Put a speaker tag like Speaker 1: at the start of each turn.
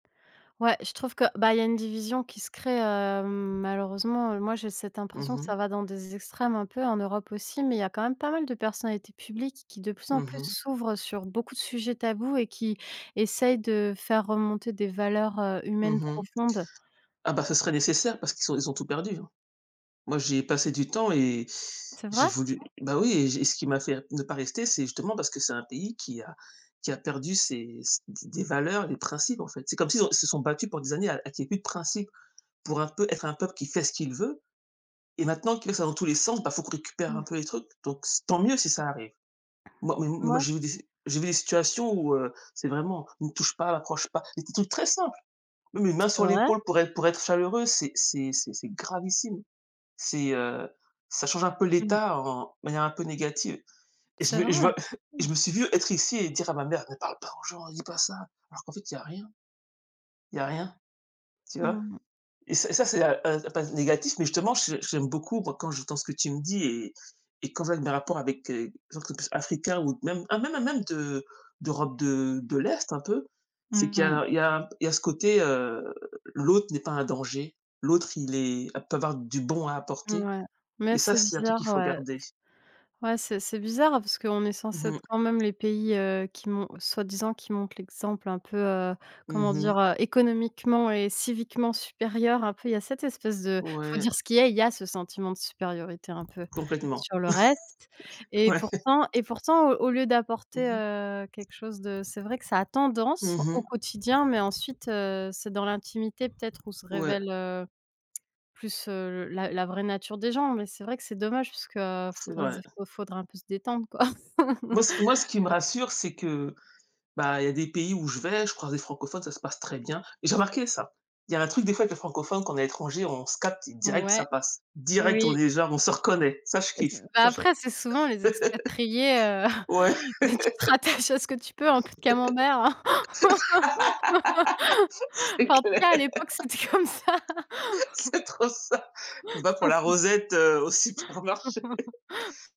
Speaker 1: Ouais, je trouve que bah, il y a une division qui se crée, heu, malheureusement. Moi, j'ai cette
Speaker 2: Mmh
Speaker 1: impression que
Speaker 2: mh.
Speaker 1: ça va dans des extrêmes un peu en Europe aussi mais il y a quand même pas mal de personnalités publiques qui, de plus en
Speaker 2: Mmh
Speaker 1: plus,
Speaker 2: mh.
Speaker 1: s'ouvrent sur beaucoup de sujets tabous et qui essayent de faire remonter des valeurs, heu,
Speaker 2: Mmh
Speaker 1: humaines
Speaker 2: mh.
Speaker 1: profondes.
Speaker 2: Ah, bah, ce serait nécessaire parce qu'ils ont ils ont tout perdu, hein. Moi, j'y ai passé du temps et
Speaker 1: C'est
Speaker 2: j'ai
Speaker 1: vrai?
Speaker 2: voulu bah, oui et j'ai ce qui m'a fait ne pas rester, c'est justement parce que c'est un pays qui a qui a perdu ses s des des valeurs, les principes, en fait. C'est comme s'ils se sont ils se sont battus pendant des années à qu'il y ait plus de principe pour un peu être un peuple qui fait ce qu'il veut et maintenant qu'il le fait dans tous les sens, bah, il faut qu'on récupère un
Speaker 1: Mmh.
Speaker 2: peu les trucs, donc tant mieux si ça arrive. Moi, mais mais moi,
Speaker 1: Ouais.
Speaker 2: j'ai vu j'ai vu des situations où, heu, c'est vraiment «Ne touche pas!», «Approche pas!», mais des trucs très simple. Oui, les
Speaker 1: T
Speaker 2: mains
Speaker 1: c'est
Speaker 2: sur
Speaker 1: vrai?
Speaker 2: l'épaule pour être pour être chaleureux, c'est c'est c'est c'est gravissime, c'est, heu, ça change un peu
Speaker 1: Mmh.
Speaker 2: l'état en de manière un peu négative et je
Speaker 1: C'est
Speaker 2: me et
Speaker 1: vrai? Mmh.
Speaker 2: je me suis vu être ici et dire à ma mère: «Ne parle pas aux gens!», «Ne dis pas ça!», alors qu'en fait, il y a rien. Tl y a rien, tu vois
Speaker 1: Mmh mh.
Speaker 2: et ça, c'est, heu heu, pas négatif mais, justement, je j'aime beaucoup, moi, quand j'entends ce que tu me dis et et quand je vois mes rapports avec des gens qui sont plus africains ou même hein, même, hein, même de d'Europe de de l'Est, un peu, c'est
Speaker 1: Mmh
Speaker 2: qu'il y
Speaker 1: mh.
Speaker 2: a il y a un p il y a ce côté, heu, l'autre n'est pas un danger. L'autre, il est peut avoir du bon à apporter
Speaker 1: Mouais mais
Speaker 2: et ça,
Speaker 1: c'est
Speaker 2: c'est un truc
Speaker 1: bizarre,
Speaker 2: qu'il faut
Speaker 1: ouais. S
Speaker 2: garder.
Speaker 1: ouais, c'est c'est bizarre, hein, parce qu'on est
Speaker 2: Mmh
Speaker 1: censés être
Speaker 2: mh.
Speaker 1: quand même les pays, heu, qui mon soi-disant, qui montrent l'exemple un peu, heu, comment
Speaker 2: Mmh mh.
Speaker 1: dire, heu, économiquement et civiquement supérieur un peu. Il y a cette espèce de il faut
Speaker 2: Ouais.
Speaker 1: dire ce qu'il est, il y a ce sentiment de supériorité un peu
Speaker 2: Complètement.
Speaker 1: sur le reste et
Speaker 2: Ouais.
Speaker 1: pourtant et pourtant au au lieu d'apporter,
Speaker 2: Mmh mh.
Speaker 1: heu, quelque chose de c'est vrai que ça a
Speaker 2: Mmh
Speaker 1: tendance au
Speaker 2: mh.
Speaker 1: quotidien mais ensuite, heu, c'est dans l'intimité peut-être où se
Speaker 2: Ouais.
Speaker 1: révèle, heu, plus, heu, la la vraie nature des gens mais c'est vrai que c'est dommage parce que
Speaker 2: C'est
Speaker 1: faudrait se
Speaker 2: vrai.
Speaker 1: dé faudrait un peu se détendre, quoi.
Speaker 2: Moi c moi, ce qui me rassure, c'est que, bah, il y a des pays où je vais, je croise des francophones, ça se passe très bien et j'ai remarqué ça. Il y a un truc, des fois, avec les francophones qu'on est à l'étranger, on se capte direct,
Speaker 1: Ouais,
Speaker 2: ça passe, direct, on
Speaker 1: oui.
Speaker 2: est, genre, on se reconnaît, ça, je
Speaker 1: Et c'est
Speaker 2: kiffe,
Speaker 1: bah,
Speaker 2: ça je
Speaker 1: après, c'est souvent les expatriés, heu,
Speaker 2: ouais/
Speaker 1: bah, tu te rattaches à ce que tu peux, un peu de camenbert, hein.
Speaker 2: C'est
Speaker 1: Eenfin, en tout
Speaker 2: clair.
Speaker 1: cas à l'époque, c'était comme ça!
Speaker 2: C'est trop ça! Va pour la rosette, heu, au supermarché!